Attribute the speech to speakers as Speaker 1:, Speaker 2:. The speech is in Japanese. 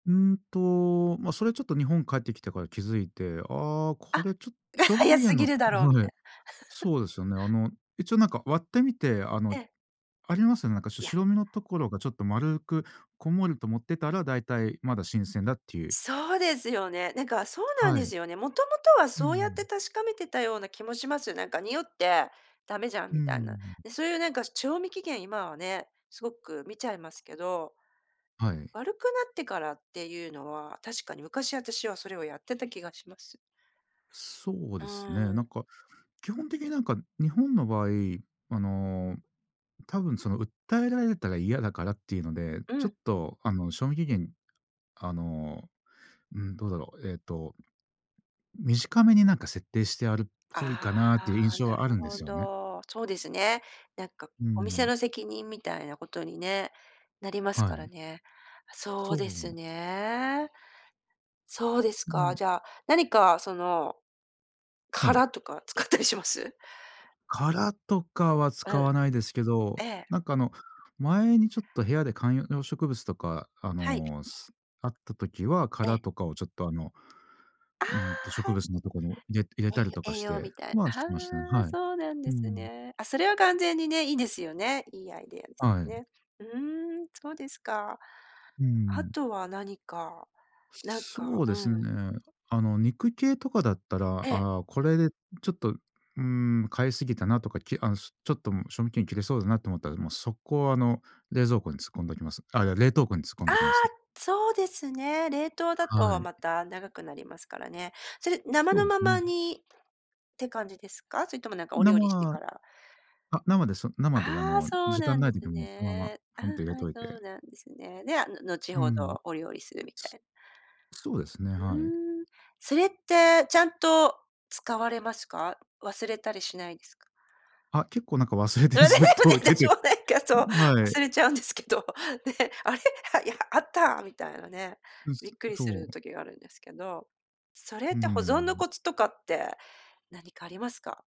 Speaker 1: うーん、と、ま、それは、ちょっと、日本帰ってきてから気づいて、ああ、
Speaker 2: あ、
Speaker 1: これ、ちょっと、
Speaker 2: が
Speaker 1: 賞味期
Speaker 2: 早す
Speaker 1: 限
Speaker 2: ぎ
Speaker 1: の
Speaker 2: るだろうみ
Speaker 1: はい。
Speaker 2: たいな。
Speaker 1: そうですよね。あの、一応、なんか、割ってみて、あの、
Speaker 2: ええ。
Speaker 1: ありますよね、なんか、し
Speaker 2: いや
Speaker 1: 白身のところが、ちょっと、丸くこんもりともってたら、だいたいまだ新鮮だっていう。
Speaker 2: そうですよね、なんか、そうなん
Speaker 1: は
Speaker 2: で
Speaker 1: い。
Speaker 2: すよね。もともとは
Speaker 1: うんう
Speaker 2: そうやって
Speaker 1: ん。
Speaker 2: 確かめてたような気もします、なんか、臭ってダメじゃん
Speaker 1: うんう
Speaker 2: み
Speaker 1: んうんう
Speaker 2: たいな。
Speaker 1: んうん。
Speaker 2: で、そういう、なんか、賞味期限、今はね、すごく見ちゃいますけど、
Speaker 1: はい。
Speaker 2: 悪くなってからっていうのは、確かに昔私はそれをやってた気がします。
Speaker 1: そう
Speaker 2: う
Speaker 1: ですね、
Speaker 2: ーん。
Speaker 1: なんか、基本的に、なんか、日本の場合、あの、多分、その、訴えられたら嫌だからっていうので、
Speaker 2: う
Speaker 1: ちょ
Speaker 2: ん。
Speaker 1: っと、あの、賞味期限、あの、うん、どうだろう。えと、短めに、なんか、設定してあるっ
Speaker 2: あ
Speaker 1: ぽいかなっていう
Speaker 2: あ、
Speaker 1: 印象
Speaker 2: な
Speaker 1: は
Speaker 2: る
Speaker 1: あるんで
Speaker 2: ほ
Speaker 1: すよね。
Speaker 2: ど、そうですね。なんか、
Speaker 1: うんう
Speaker 2: お店
Speaker 1: ん。
Speaker 2: の責任みたいなことにね、なります
Speaker 1: は
Speaker 2: から
Speaker 1: い。
Speaker 2: ね。あ、そ
Speaker 1: そ
Speaker 2: うです
Speaker 1: う。
Speaker 2: ね。そうです
Speaker 1: な
Speaker 2: か、
Speaker 1: ん
Speaker 2: じゃあ、何か、その、
Speaker 1: はい。
Speaker 2: 殻とか使ったりします？
Speaker 1: 殻とかは
Speaker 2: う
Speaker 1: 使
Speaker 2: ん。
Speaker 1: わないですけ
Speaker 2: え
Speaker 1: ど、
Speaker 2: え。
Speaker 1: なんか、あの、前に、ちょっと、部屋で観葉植物とか、あ
Speaker 2: はい。
Speaker 1: の、すあった時は
Speaker 2: ええ。
Speaker 1: 殻とかを、ちょっと、あの、
Speaker 2: あ
Speaker 1: うん、と、
Speaker 2: あ、は
Speaker 1: 植
Speaker 2: い。
Speaker 1: 物のとこの入れ入れたりと
Speaker 2: え、
Speaker 1: か
Speaker 2: 栄
Speaker 1: し
Speaker 2: 養
Speaker 1: て、
Speaker 2: みたい
Speaker 1: ま、
Speaker 2: な、
Speaker 1: しましたね、
Speaker 2: あ
Speaker 1: は
Speaker 2: あ、
Speaker 1: い。
Speaker 2: そうなん
Speaker 1: う
Speaker 2: で
Speaker 1: ー
Speaker 2: す
Speaker 1: ん。
Speaker 2: ね。あ、それは完全にね、いいですよね、いいアイデアです
Speaker 1: は
Speaker 2: よ
Speaker 1: い。
Speaker 2: ね。うーん、そうですか。
Speaker 1: うんうんう
Speaker 2: あ
Speaker 1: ん。
Speaker 2: とは何か、なんか
Speaker 1: そう
Speaker 2: う
Speaker 1: で
Speaker 2: ん。
Speaker 1: すね、あの、肉系とかだったら、
Speaker 2: ええ。
Speaker 1: ああ、これ、ちょっと、うーん、買いすぎたなとか、きあの、ちょっと、賞味期限切れそうだなと思ったら、もう、速攻、あの、冷蔵庫に突っ込んでおきます。あ、いや、冷凍庫に突っ込ん
Speaker 2: ああ、
Speaker 1: どきますね。
Speaker 2: そうですね、冷凍だ
Speaker 1: は
Speaker 2: と
Speaker 1: い。
Speaker 2: また長くなりますからね。それ、生
Speaker 1: そう
Speaker 2: の
Speaker 1: です
Speaker 2: まま
Speaker 1: ね。
Speaker 2: にって感じですか？それとも、なんか、お料理して
Speaker 1: 生、
Speaker 2: から
Speaker 1: あ、生です、生で、あ
Speaker 2: ああ、
Speaker 1: の、
Speaker 2: そう
Speaker 1: 時
Speaker 2: な
Speaker 1: 間
Speaker 2: ん
Speaker 1: ない
Speaker 2: です
Speaker 1: 時も、そのまま、
Speaker 2: ね。う
Speaker 1: ポン
Speaker 2: ん、
Speaker 1: と入れ
Speaker 2: は
Speaker 1: と
Speaker 2: い、
Speaker 1: いて。
Speaker 2: そうなんですね。で、あの、後
Speaker 1: うー
Speaker 2: ほ
Speaker 1: ん。
Speaker 2: どお料理するみたい
Speaker 1: そうですね、
Speaker 2: う
Speaker 1: はい。
Speaker 2: ーん。それって、ちゃんと、使われますか？忘れたりしないですか？
Speaker 1: あ、結構、なんか、忘れて
Speaker 2: あれ、で
Speaker 1: ずっ
Speaker 2: もね、
Speaker 1: と出
Speaker 2: 私
Speaker 1: て
Speaker 2: も、なんか、そう、
Speaker 1: あ、はい。
Speaker 2: 忘れちゃうんですけど、ね、あれ、あ、いや、あったみたいなね、
Speaker 1: う、
Speaker 2: びっ
Speaker 1: す
Speaker 2: くりす
Speaker 1: そ
Speaker 2: る
Speaker 1: う。
Speaker 2: 時があるんですけど、それっ
Speaker 1: うー
Speaker 2: て保存の
Speaker 1: ん。
Speaker 2: コツとかって何かありますか？